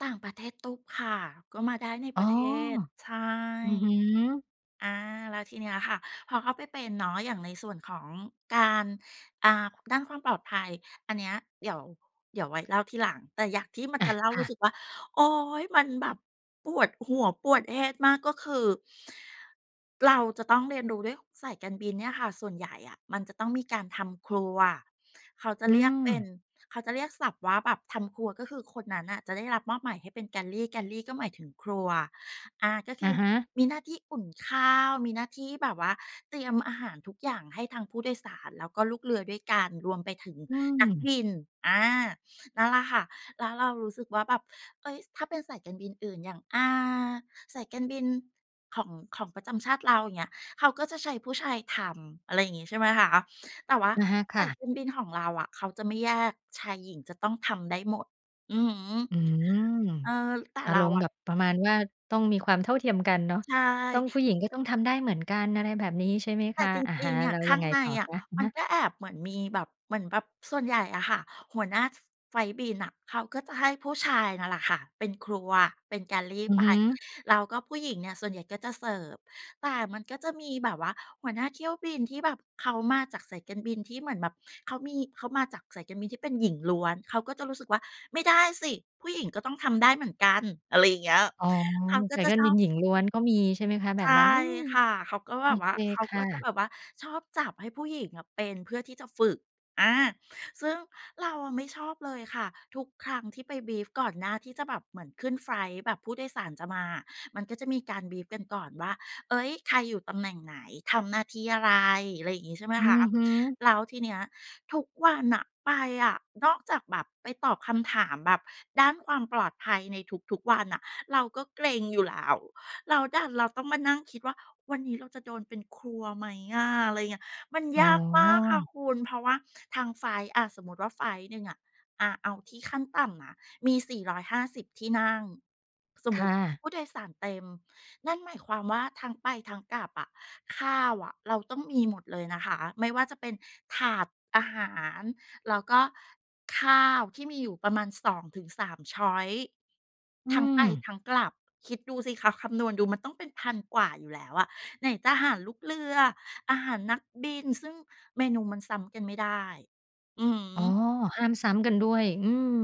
ต่างประเทศตุ๊บค่ะ ก็มาได้ในอป๋รอ ะเทศ ใช่ อือฮึ อา แล้วทีเนี้ยค่ะ พอเข้าไปเป็นเนาะ อย่างในส่วนของการ อ่า ด้านความปลอดภัย อันเนี้ยเดี๋ยว เดี๋ยวไว้เล่าทีหลัง แต่อย่างที่มันอา จะเล่า ครู่ะ ้สึกว่า โอ๊ย! มันแบบปวดหัวปวด head มาก ก็คือ เราจะต้องเรียนรู้ด้วย สายการบินเนี่ยค่ะ ส่วนใหญ่อะมันจะต้องมีการทำครัว เขาจะอืเรียกเป็น ม เขาจะเรียกศัพท์ว่าแบบทำครัว ก็คือคนนั้นน่ะจะได้รับมอบหมายให้เป็น galley galley ก็หมายถึงครัว อ่า ก็คอืะอฮะ มีหน้าที่อุ่นข้าว มีหน้าที่แบบว่าเตรียมอาหารทุกอย่างให้ทางผู้โดยสาร แล้วก็ลูกเรือด้วยกัน รวมไปถึงอืนักม บิน อา นั่นแหละค่ะ แล้วเรารู้สึกว่าแบบ เฮ้ย ส ถ้าเป็นสายการบินอื่น อย่าง อ่า สายการบินของ ของประจำชาติเรา อย่างเงี้ย เขาก็จะใช้ผู้ชายทำ อะไรอย่างงี้ ใช่ไหมคะ แต่ว่าอะฮะ คส่ายะ การบินของเราอะเขาจะไม่แยก ชาย-หญิงจะต้องทำได้หมด อือฮึ อืม เออ แต่อาเรรามณ์อแบะ บประมาณว่าต้องมีความเท่าเทียมกันเนาะ ใชต้อง ผ่ ู้หญิงก็ต้องทำได้เหมือนกัน อะไรแบบนี้ ใช่ไหมแตค่ะ จอะฮริะ ง ๆ อและ้วข้ยัางงไงในต่ออคะะ? อะมัฮนะ ก็แอบเหมือนมีแบบ เหมือนแบบส่วนใหญ่อะค่ะ หัวหน้า ฟ ไฟลต์บินน่ะ เขาก็จะให้ผู้ชายนั่นแหละค่ะเป็นครัวเป็น galley อืไอป ฮึ แล้วก็ผู้หญิงเนี่ย ส่วนใหญ่ก็จะเสิร์ฟ แต่มันก็จะมีแบบว่าหัวหน้าเที่ยวบินที่แบบเขามาจากสายการบินที่เหมือนแบบเขามี เขามาจากสายการบินที่เป็นหญิงล้วน เขาก็จะรู้สึกว่า "ไม่ได้สิผู้หญิงก็ต้องทำได้เหมือนกัน" อะไรอย่างเงี้ย อ๋อ เขาก็สาจยะกาชรอบิน บ หญิงล้วนก็มี ใช่ไหมคะ แบใชบ่นั้น อืม ค่ะ เขาก็โแอบบวเ่คา เขาคก่็จะแะ บบว่าชอบจับให้ผู้หญิงอะเป็น เพื่อที่จะฝึก อา ซึ่งเราอะไม่ชอบเลยค่ะ ทุกครั้งที่ไป บรีฟ ก่อนหน้าที่จะแบบเหมือนขึ้นไฟลต์ แบบผู้โดยสารจะมาอะ มันก็จะมีการ บรีฟ กันก่อนว่า "เฮ้ย ใคร? อยู่ตำแหน่งไหน ทำหน้าที่อะไร?" อะไรอย่างงี้ ใช่ไหมอืคะ อฮึ แล้วทีเนี้ยทุกวันน่ะไปอะ นอกจากแบบไปตอบคำถามแบบด้านความปลอดภัยในทุก ๆ วันน่ะ เราก็เกร็งอยู่แล้ว แล้วดันเราต้องมานั่งคิดว่า "วันนี้เราจะโดนเป็นครัวไหมอะ?" อะไรอย่างเงี้ย มันอ๋ยอ ากมากค่ะคุณ เพราะว่าทางไฟลต์ อา สมมุติว่าไฟลต์หนึ่งอะ อา เอาที่ขั้นต่ำนะ มี 450 ที่นั่ง สมคมุ่ติะ ผู้โดยสารเต็ม นั่นหมายความว่าทั้งไปทั้งกลับอะ ข้าวอะเราต้องมีหมดเลยนะคะ ไม่ว่าจะเป็นถาดอาหาร แล้วก็ข้าวที่มีอยู่ประมาณ 2-3 ชอยซ์ อืทั้งไปม ทั้งกลับ คิดดูสิคะ คำนวณดูมันต้องเป็น 1,000 กว่าอยู่แล้วอะไหนจะหารลูกเรือ อาหารนักบิน ซึ่งเมนูมันซ้ำกันไม่ได้ อือฮอ๋อ ึ ห้ามซ้ำกันด้วย อืม